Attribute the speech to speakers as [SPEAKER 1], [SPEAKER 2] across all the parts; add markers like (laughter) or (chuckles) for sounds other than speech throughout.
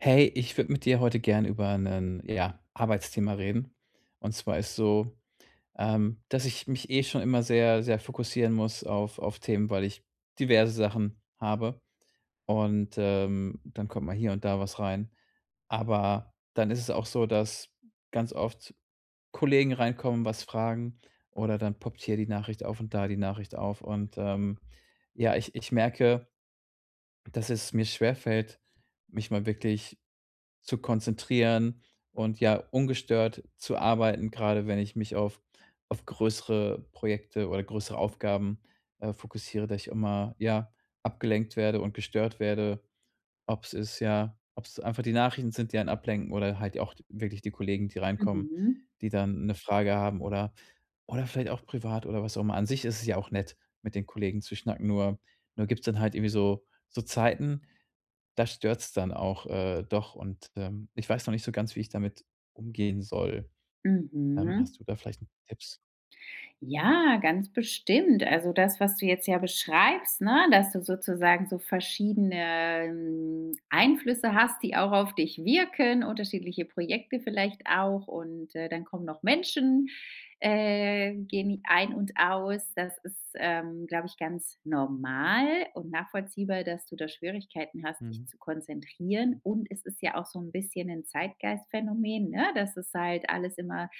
[SPEAKER 1] Hey, ich würde mit dir heute gern über 'nen, ja, Arbeitsthema reden. Und zwar ist so, ähm, dass ich mich eh schon immer sehr sehr fokussieren muss auf auf Themen, weil ich diverse Sachen habe und, ähm, dann kommt mal hier und da was rein. Aber, dann ist es auch so, dass ganz oft Kollegen reinkommen, was fragen oder dann poppt hier die Nachricht auf und da die Nachricht auf. Und, ähm, ja, ich ich merke, dass es mir schwerfällt, mich mal wirklich zu konzentrieren und, ja, ungestört zu arbeiten, grade wenn ich mich auf auf größere Projekte oder größere Aufgaben, äh, fokussiere, dass ich immer ja, abgelenkt werde und gestört werde, ob's ist ja, ob's einfach die Nachrichten sind, die einen ablenken oder halt auch wirklich die Kollegen, die reinkommen,
[SPEAKER 2] Mhm.
[SPEAKER 1] die dann 'ne Frage haben oder oder vielleicht auch privat oder was auch immer. An sich ist es ja auch nett, mit den Kollegen zu schnacken. Nur nur gibt's dann halt irgendwie so so Zeiten, da stört's dann auch, äh, doch und, ähm, ich weiß noch nicht so ganz, wie ich damit umgehen soll. Ähm,
[SPEAKER 2] Mhm.
[SPEAKER 1] hast du da vielleicht 'n Tipps?
[SPEAKER 2] Ja, ganz bestimmt. Also, das, was du jetzt ja beschreibst, ne, dass du sozusagen so verschiedene, hm, Einflüsse hast, die auch auf dich wirken, unterschiedliche Projekte vielleicht auch und, äh, dann kommen noch Menschen äh, gehen die ein und aus. Das ist, ähm, glaube ich, ganz normal und nachvollziehbar, dass du da Schwierigkeiten hast, dich
[SPEAKER 1] Mhm.
[SPEAKER 2] zu konzentrieren. Und es ist ja auch so 'n bisschen 'n Zeitgeistphänomen, ne, dass es halt alles immer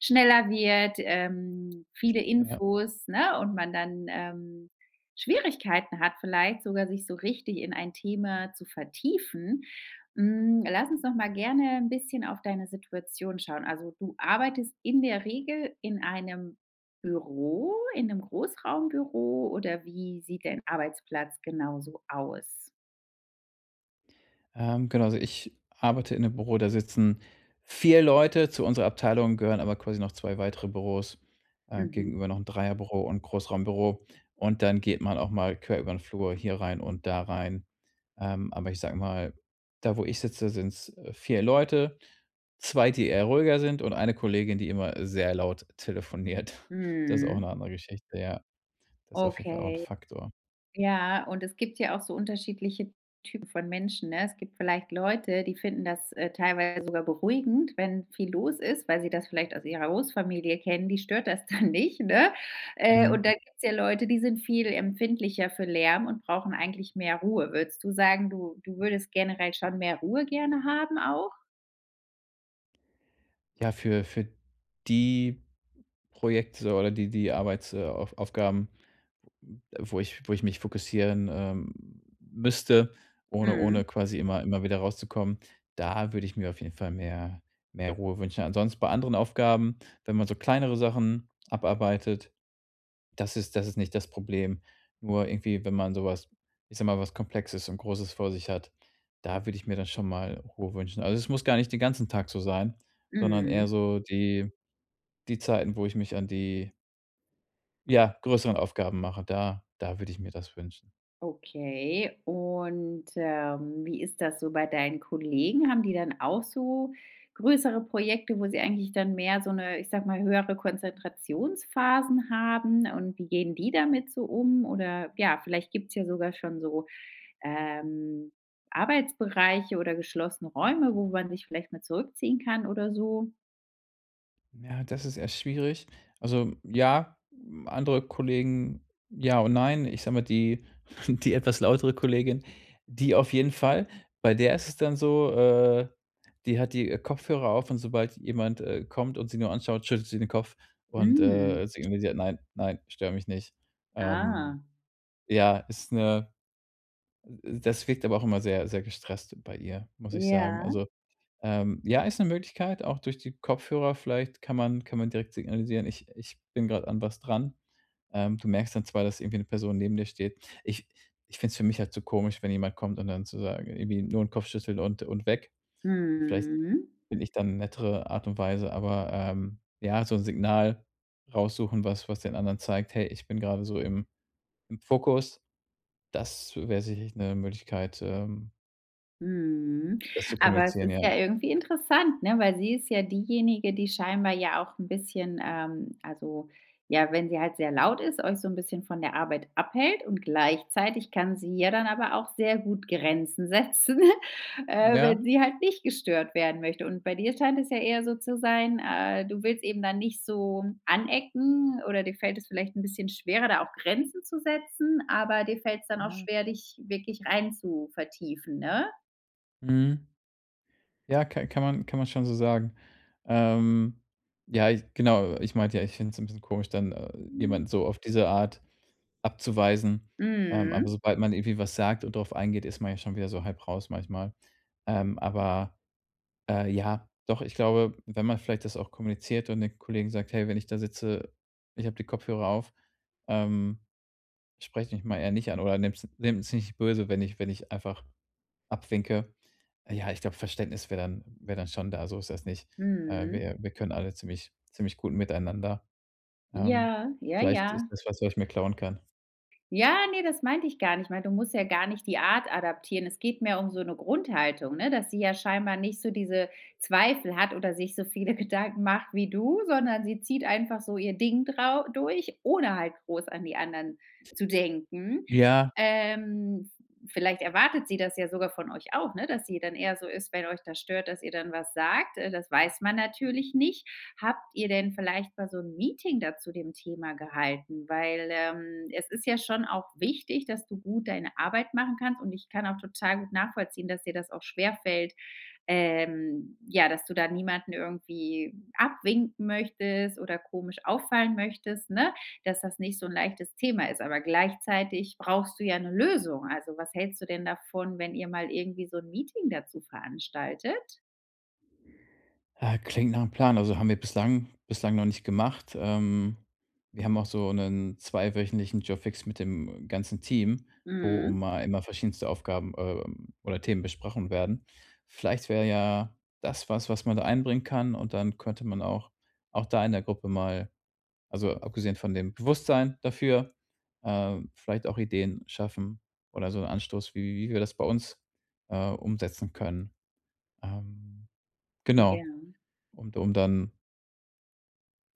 [SPEAKER 2] schneller wird, ähm, viele
[SPEAKER 1] Ja.
[SPEAKER 2] Infos, ne, und man dann, ähm, Schwierigkeiten hat vielleicht sogar, sich so richtig in ein Thema zu vertiefen. Hm, lass uns doch mal gerne 'n bisschen auf deine Situation schauen. Also, du arbeitest in der Regel in einem Büro in 'nem Großraumbüro oder wie sieht dein Arbeitsplatz genau so aus?
[SPEAKER 1] Ähm, genau, also ich arbeite in 'nem Büro, da sitzen 4 Leute. Zu unserer Abteilung gehören aber quasi noch 2 weitere Büros, äh,
[SPEAKER 2] Mhm.
[SPEAKER 1] gegenüber noch 'n Dreierbüro und Großraumbüro. Und dann geht man auch mal quer über 'n Flur hier rein und da rein. Ähm, aber ich sage mal, da wo ich sitze, sind's 4 Leute. 2, die eher ruhiger sind und eine Kollegin, die immer sehr laut telefoniert. Das ist auch
[SPEAKER 2] Mhm.
[SPEAKER 1] 'ne andere Geschichte, ja. Das ist auf jeden Fall auch 'n
[SPEAKER 2] Okay.
[SPEAKER 1] Faktor.
[SPEAKER 2] Ja ,und es gibt ja auch so unterschiedliche Typ von Menschen, ne? Es gibt vielleicht Leute, die finden, das, äh, teilweise sogar beruhigend, wenn viel los ist, weil sie das vielleicht aus ihrer Großfamilie kennen. Die stört das dann nicht, ne? Äh, und
[SPEAKER 1] Mhm.
[SPEAKER 2] da gibt's ja Leute, die sind viel empfindlicher für Lärm und brauchen eigentlich mehr Ruhe. Würdest du sagen, du du würdest generell schon mehr Ruhe gerne haben auch?
[SPEAKER 1] Ja, für für die Projekte oder die die Arbeits äh, Auf Aufgaben, m wo ich wo ich mich fokussieren, ähm, müsste, ohne
[SPEAKER 2] Mhm.
[SPEAKER 1] ohne quasi immer immer wieder rauszukommen, da würde ich mir auf jeden Fall mehr mehr Ruhe wünschen. Ansonsten bei anderen Aufgaben, wenn man so kleinere Sachen abarbeitet, das ist das ist nicht das Problem. Nur irgendwie, wenn man so was- ich sage mal- was Komplexes und Großes vor sich hat, da würde ich mir dann schon mal Ruhe wünschen. Also, es muss gar nicht den ganzen Tag so sein, sondern eher
[SPEAKER 2] Mhm.
[SPEAKER 1] so die die Zeiten, wo ich mich an die ja, größeren Aufgaben mache. Da da würde ich mir das wünschen.
[SPEAKER 2] Okay. Und, ähm, wie ist das so bei deinen Kollegen? Haben die dann auch so größere Projekte, wo sie eigentlich dann mehr so 'ne- ich sage mal- höhere Konzentrationsphasen haben und wie gehen die damit so um oder, ja, vielleicht gibt's ja sogar schon so, ähm, Arbeitsbereiche oder geschlossene Räume, wo man sich vielleicht mal zurückziehen kann oder so.
[SPEAKER 1] Ja, das ist eher schwierig. Also, ja, hm, andere Kollegen ja und nein, ich sage mal, die (chuckles) die etwas lautere Kollegin, die auf jeden Fall. Bei der ist es dann so, äh, die hat die Kopfhörer auf und sobald jemand, äh, kommt und sie nur anschaut, schüttet sie den Kopf und,
[SPEAKER 2] Mhm.
[SPEAKER 1] äh, signalisiert: „Nein, nein, stör mich nicht.“ Ähm,
[SPEAKER 2] Ah.
[SPEAKER 1] ja, ist 'ne d das wirkt aber auch immer sehr, sehr gestresst bei ihr, muss ich sagen.
[SPEAKER 2] Ja.
[SPEAKER 1] Also, ähm ja, ist 'ne Möglichkeit, auch durch die Kopfhörer vielleicht kann man kann man direkt signalisieren, ich ich bin grad an was dran. Ähm, du merkst dann zwar, dass irgendwie 'ne Person neben dir steht. Ich ich finde es für mich halt zu komisch, wenn jemand kommt und dann zu sagen irgendwie nur 'n Kopf schüttele und und weg. Vielleicht
[SPEAKER 2] Mhm.
[SPEAKER 1] finde ich da 'ne nettere Art und Weise, aber, ähm, ja, so 'n Signal raussuchen, was was den anderen zeigt: „Hey, ich bin grade so im im Fokus.“ Das wär sicherlich 'ne Möglichkeit, ähm
[SPEAKER 2] Mhm.
[SPEAKER 1] das zu
[SPEAKER 2] Aber es
[SPEAKER 1] kommunizieren,
[SPEAKER 2] ist
[SPEAKER 1] ja.
[SPEAKER 2] ja irgendwie interessant, ne, weil sie ist ja diejenige, die scheinbar ja auch 'n bisschen, ähm also, ja, wenn sie halt sehr laut ist, euch so 'n bisschen von der Arbeit abhält und gleichzeitig kann sie ja dann aber auch sehr gut Grenzen setzen, äh,
[SPEAKER 1] Ja.
[SPEAKER 2] wenn sie halt nicht gestört werden möchte. Und bei dir scheint es ja eher so zu sein, äh, du willst eben dann nicht so anecken oder dir fällt es vielleicht 'n bisschen schwerer, da auch Grenzen zu setzen, aber dir fällt es dann auch
[SPEAKER 1] Ja.
[SPEAKER 2] schwer, dich wirklich reinzuvertiefen, ne?
[SPEAKER 1] Mhm. Ja, ka kann man kann man schon so sagen. Ähm, ja, ich genau, ich meinte ja, ich finde es 'n bisschen komisch, dann, äh, jemanden so auf diese Art abzuweisen. Ähm, aber
[SPEAKER 2] Mhm.
[SPEAKER 1] sobald man irgendwie was sagt und drauf eingeht, ist man ja schon wieder so halb raus manchmal. Ähm, aber, äh, ja, doch, ich glaube, wenn man vielleicht das auch kommuniziert und den Kollegen sagt: „Hey, wenn ich da sitze, ich habe die Kopfhörer auf, ähm, sprecht mich mal eher nicht an oder nehmt's nehmt's nicht böse, wenn ich wenn ich einfach abwinke.“ Ja, ich glaube, Verständnis wäre dann wäre dann schon da. So ist das nicht. Äh,
[SPEAKER 2] Mhm.
[SPEAKER 1] wir wir können alle ziemlich ziemlich gut miteinander. Ähm,
[SPEAKER 2] Ja, ja,
[SPEAKER 1] vielleicht ist
[SPEAKER 2] ja.
[SPEAKER 1] das was, was ich mir klauen kann.
[SPEAKER 2] Ja, ne, das meinte ich gar nicht mal. Du musst ja gar nicht die Art adaptieren. Es geht mehr um so 'ne Grundhaltung, ne, dass sie ja scheinbar nicht so diese Zweifel hat oder sich so viele Gedanken macht wie du, sondern sie zieht einfach so ihr Ding drau durch, ohne halt groß an die anderen zu denken.
[SPEAKER 1] Ja.
[SPEAKER 2] Ähm, v vielleicht erwartet sie das ja sogar von euch auch, ne, dass sie dann eher so ist, wenn euch da stört, dass ihr dann was sagt. Äh, das weiß man natürlich nicht. Habt ihr denn vielleicht mal so 'n Meeting da zu dem Thema gehalten? Weil, ähm, es ist ja schon auch wichtig, dass du gut deine Arbeit machen kannst und ich kann auch total gut nachvollziehen, dass dir das auch schwerfällt, ähm, ja, dass du da niemanden irgendwie abwinken möchtest oder komisch auffallen möchtest, ne, dass das nicht so 'n leichtes Thema ist. Aber gleichzeitig brauchst du ja 'ne Lösung. Also, was hältst du denn davon, wenn ihr mal irgendwie so 'n Meeting dazu veranstaltet?
[SPEAKER 1] Ah, klingt nachm Plan, also haben wir bislang bislang noch nicht gemacht. Ähm, wir haben auch so 'nen 2- wöchentlichen Jour fixe mit dem ganzen Team, wo
[SPEAKER 2] Mhm.
[SPEAKER 1] um a immer einmal verschiedenste Aufgaben, ähm, oder Themen besprochen werden. Vielleicht wäre ja das was, was man da einbringen kann und dann könnte man auch auch da in der Gruppe mal, also abgesehen von dem Bewusstsein dafür, ähm, vielleicht auch Ideen schaffen oder so 'n Anstoß, wie wie wir das bei uns, äh, umsetzen können. Ähm, genau,
[SPEAKER 2] Ja.
[SPEAKER 1] und um dann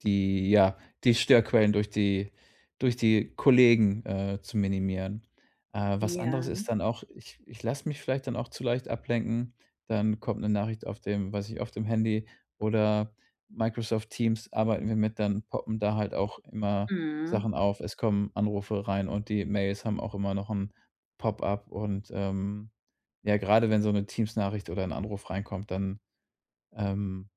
[SPEAKER 1] die, ja, die Störquellen durch die durch die Kollegen, äh, zu minimieren. Äh, was anderes
[SPEAKER 2] Ja.
[SPEAKER 1] ist dann auch, ich ich lasse mich vielleicht dann auch zu leicht ablenken. Dann kommt 'ne Nachricht auf dem, weiß nicht, auf dem Handy oder Microsoft Teams arbeiten wir mit, dann poppen da halt auch immer
[SPEAKER 2] Mhm.
[SPEAKER 1] Sachen auf. Es kommen Anrufe rein und die Mails haben auch immer noch 'n Pop-up und, ähm, ja, grade wenn so 'ne Teams-Nachricht oder 'n Anruf reinkommt, dann, ähm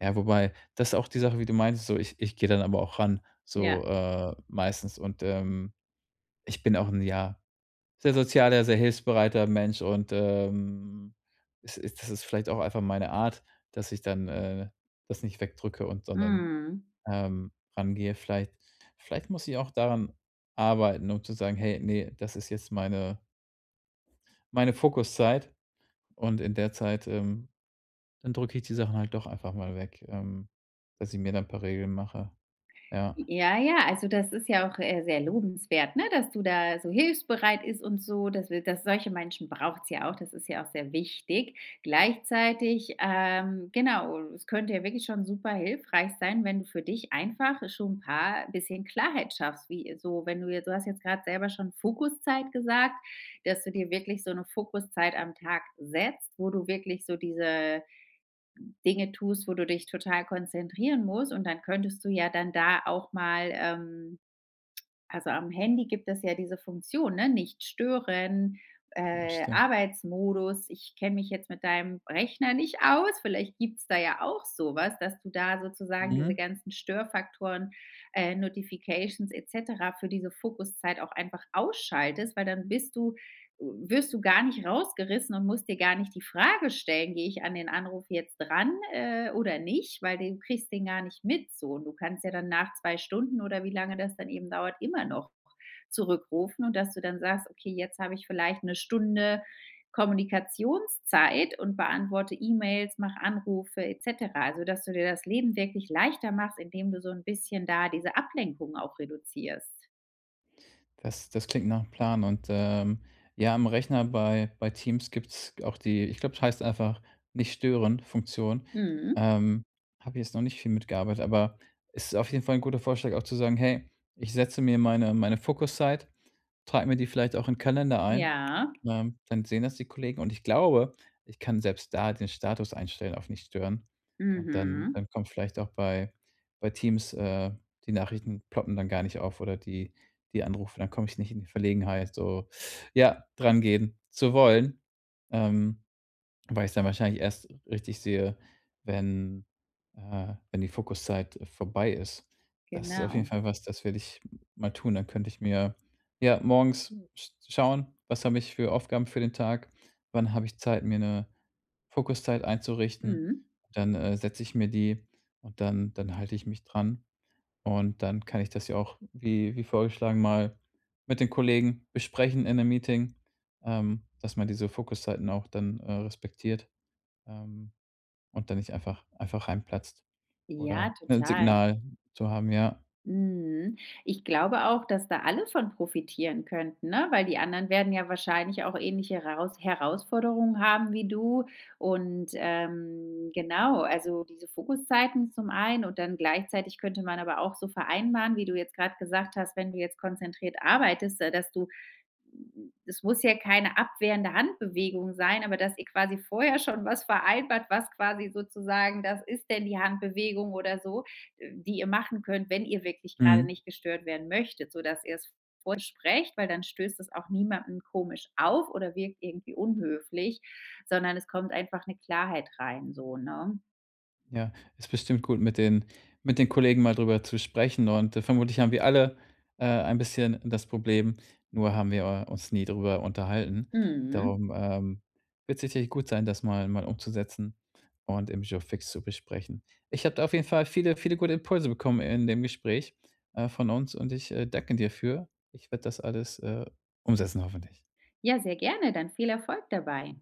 [SPEAKER 1] ja, wobei, das ist auch die Sache, wie du meintest, so, ich ich geh dann aber auch ran
[SPEAKER 2] Ja.
[SPEAKER 1] so, äh, meistens und, ähm, ich bin auch 'n, ja, sehr sozialer, sehr hilfsbereiter Mensch und, ähm, es ist das ist vielleicht auch einfach meine Art, dass ich dann, äh, das nicht wegdrücke und sondern,
[SPEAKER 2] Mhm.
[SPEAKER 1] ähm, rangehe. Vielleicht vielleicht muss ich auch daran arbeiten, nur zu sagen: „Hey, ne, das ist jetzt meine meine Fokuszeit“ und in der Zeit, ähm, dann drücke ich die Sachen halt doch einfach mal weg, ähm, dass ich mir da 'n paar Regeln mache. Ja.
[SPEAKER 2] Ja, ja, also das ist ja auch, äh, sehr lobenswert, ne, dass du da so hilfsbereit ist und so, dass wil dass solche Menschen braucht's ja auch, das ist ja auch sehr wichtig. Gleichzeitig, ähm, genau es könnte ja wirklich schon super hilfreich sein, wenn du für dich einfach schon paar bisschen Klarheit schaffst, wie, so wenn du jetzt du hast jetzt grad selber schon Fokuszeit gesagt, dass du dir wirklich so 'ne Fokuszeit am Tag setzt, wo du wirklich so diese Dinge tust, wo du dich total konzentrieren musst. Und dann könntest du ja dann da auch mal ähm, also am Handy gibt es ja diese Funktion, ne, „nicht stören“,
[SPEAKER 1] Ja,
[SPEAKER 2] äh,
[SPEAKER 1] stimmt.
[SPEAKER 2] Arbeitsmodus, ich kenn mich jetzt mit deinem Rechner nicht aus. Vielleicht gibt's da ja auch so was, dass du da sozusagen diese
[SPEAKER 1] Mhm.
[SPEAKER 2] ganzen Störfaktoren, äh, Notifications et cetera für diese Fokuszeit auch einfach ausschaltest, weil dann bist du wirst du gar nicht rausgerissen und musst dir gar nicht die Frage stellen: „Gehe ich an den Anruf jetzt ran, äh, oder nicht?“ Weil du kriegst den gar nicht mit so. Und du kannst ja dann nach 2 Stunden oder wie lange das dann eben dauert, immer noch zurückrufen und dass du dann sagst: „Okay, jetzt hab ich vielleicht 'ne Stunde Kommunikationszeit und beantworte E-Mails, mache Anrufe et cetera,“ also dass du dir das Leben wirklich leichter machst, indem du so 'n bisschen da diese Ablenkung auch reduzierst.
[SPEAKER 1] Das das klingt nach 'm Plan, und, ähm, ja, am Rechner bei bei Teams gibt's g auch die ich glaube, das heißt einfach Nicht-Stören-Funktion.
[SPEAKER 2] Mhm.
[SPEAKER 1] Ähm, habe jetzt noch nicht viel mitgearbeitet, aber ist auf jeden Fall 'n guter Vorschlag auch zu sagen: „Hey, ich setze mir meine meine Fokuszeit, trage mir die vielleicht auch in Kalender ein,“
[SPEAKER 2] Ja?
[SPEAKER 1] ähm, dann sehen das die Kollegen. Und ich glaube, ich kann selbst da den Status einstellen auf Nicht-Stören und dann
[SPEAKER 2] Mhm.
[SPEAKER 1] dann kommt vielleicht auch bei bei Teams, äh die Nachrichten ploppen dann gar nicht auf oder die die Anrufe, dann komme ich nicht in die Verlegenheit so, (sucks teeth) ja, drangehen zu wollen, ähm, weil ich es dann wahrscheinlich erst richtig sehe, wenn äh, wenn die Fokuszeit vorbei ist. Das ist auf jeden
[SPEAKER 2] Genau.
[SPEAKER 1] Fall was, das werde ich mal tun. Dann könnte ich mir ja, morgens sch schauen: was habe ich für Aufgaben für den Tag? Wann habe ich Zeit, mir 'ne Fokuszeit einzurichten?
[SPEAKER 2] Mhm.
[SPEAKER 1] Dann, äh, setze ich mir die und dann dann halte ich mich dran. Und dann kann ich das ja auch, wie wie vorgeschlagen, mal mit den Kollegen besprechen in 'nem Meeting, ähm, dass man diese Fokuszeiten auch dann, äh, respektiert, ähm, und dann nicht einfach einfach reinplatzt
[SPEAKER 2] Ja,
[SPEAKER 1] oder 'nen
[SPEAKER 2] total.
[SPEAKER 1] Signal zu haben, ja.
[SPEAKER 2] Mhm. Ich glaube auch, dass da alle von profitieren könnten, ne, weil die anderen werden ja wahrscheinlich auch ähnliche Heraus Herausforderungen haben wie du. Und, ähm, genau, also diese Fokuszeiten zum einen und dann gleichzeitig könnte man aber auch so vereinbaren, wie du jetzt grad gesagt hast: Wenn du jetzt konzentriert arbeitest, da dass du es muss ja keine abwehrende Handbewegung sein, aber dass ihr quasi vorher schon was vereinbart, was quasi sozusagen das ist denn die Handbewegung oder so, äh, die ihr machen könnt, wenn ihr wirklich gerade
[SPEAKER 1] Mhm.
[SPEAKER 2] nicht gestört werden möchtet, sodass ihr's vorsprecht, weil dann stößt es auch niemandem komisch auf oder wirkt irgendwie unhöflich, sondern es kommt einfach 'ne Klarheit rein so, ne?
[SPEAKER 1] Ja, ist bestimmt gut, mit den mit den Kollegen mal drüber zu sprechen und, äh, vermutlich haben wir alle, äh, ein bisschen das Problem, nur haben wir, äh, uns nie drüber unterhalten.
[SPEAKER 2] Mhm.
[SPEAKER 1] Darum, ähm, wird's sicherlich gut sein, das mal mal umzusetzen und im Jour fixe zu besprechen. Ich habe da auf jeden Fall viele, viele gute Impulse bekommen in dem Gespräch, äh, von uns und ich, äh, danke dir für. Ich werde das alles, äh, umsetzen hoffentlich.
[SPEAKER 2] Ja, sehr gerne, dann viel Erfolg dabei.